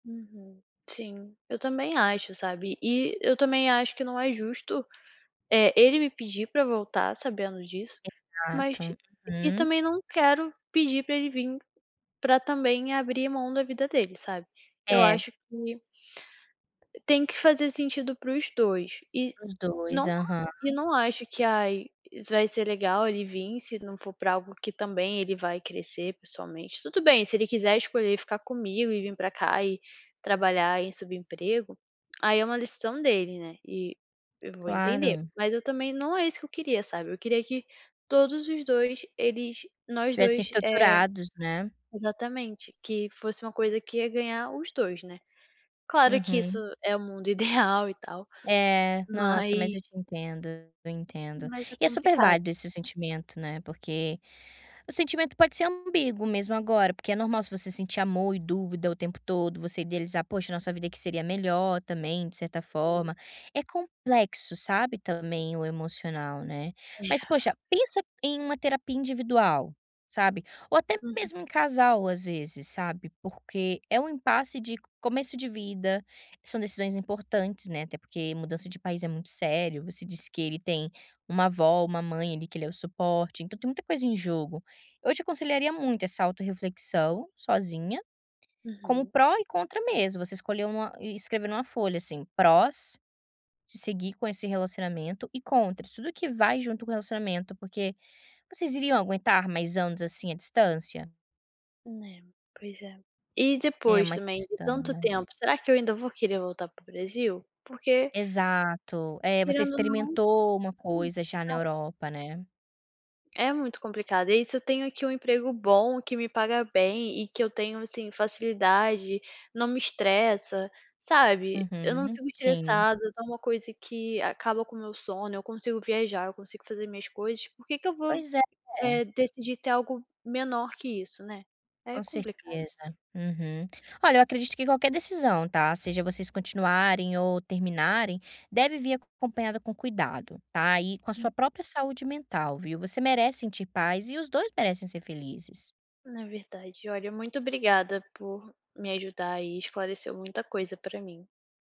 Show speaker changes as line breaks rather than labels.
Uhum. Sim, eu também acho, sabe, e eu também acho que não é justo, eh, ele me pedir para voltar, sabendo disso, mas
Exato,
e
uhum.
também não quero pedir para ele vim para também abrir mão da vida dele, sabe. Eu
É.
acho que tem que fazer sentido para os 2. E
Para os 2.
não
Aham.
e não acha que, ai, vai ser legal, ele vim, se não for pra algo que também ele vai crescer pessoalmente. Tudo bem, se ele quiser escolher ficar comigo, e vim pra cá, e trabalhar em subemprego, aí é uma decisão dele, né, e eu vou entender.
Claro.
Mas eu também, não é isso que eu queria, sabe, eu queria que todos os 2, eles nós
Tivessem
2, eh,
estruturados, né.
exatamente, que fosse uma coisa que ia ganhar os 2, né. Claro que isso
Uhum.
é o mundo ideal, e tal,
É. Nossa,
mas
mas eu te entendo, eu entendo.
mas é
E é super
complicado.
válido esse sentimento, né, porque o sentimento pode ser ambíguo, mesmo agora, porque é normal se você sentir amor e dúvida o tempo todo, você idealizar: "Poxa, nossa vida que seria melhor, também, de certa
Sim.
forma". É complexo, sabe, também, o emocional, né. Mas poxa,
[unintelligible]
pensa em uma terapia individual, sabe. Ou até
Uhum.
mesmo em casal, às vezes, sabe, porque é um impasse de começo de vida, são decisões importantes, né, até porque mudança de país é muito sério. Você disse que ele tem uma avó, uma mãe, ali, que ele é o suporte, então tem muita coisa em jogo. Eu te aconselharia muito essa autorreflexão, sozinha, como
Uhum.
pró e contra mesmo, você escolher uma e escrever em uma folha, assim: prós de seguir com esse relacionamento, e contra, tudo que vai junto com o relacionamento, porque vocês iriam aguentar mais anos, assim, a distância?
É, pois é. E
É
depois
uma
também de
questão,
tanto
né.
tempo, será que eu ainda vou querer voltar para o Brasil? Porque
Exato. Eh, você
querendo ou não,
experimentou uma
hum
coisa já na
[unintelligible]
Europa, né.
É muito complicado. E aí se eu tenho aqui um emprego bom, que me paga bem e que eu tenho, assim, facilidade, não me estressa, sabe, eu não
Uhum.
fico
Sim.
estressada, não é uma coisa que acaba com o meu sono, eu consigo viajar, eu consigo fazer minhas coisas, por que que eu vou,
Pois é.
eh, decidir ter algo menor que isso, né. É
Com
complicado.
certeza. Uhum. Olha, eu acredito que qualquer decisão tá, seja vocês continuarem ou terminarem, deve vir acompanhada com cuidado, tá, e com a
[unintelligible]
sua própria saúde mental, viu, você merece sentir paz e os 2 merecem ser felizes.
Na verdade. Olha, muito obrigada por me ajudar e esclareceu muita coisa pra mim.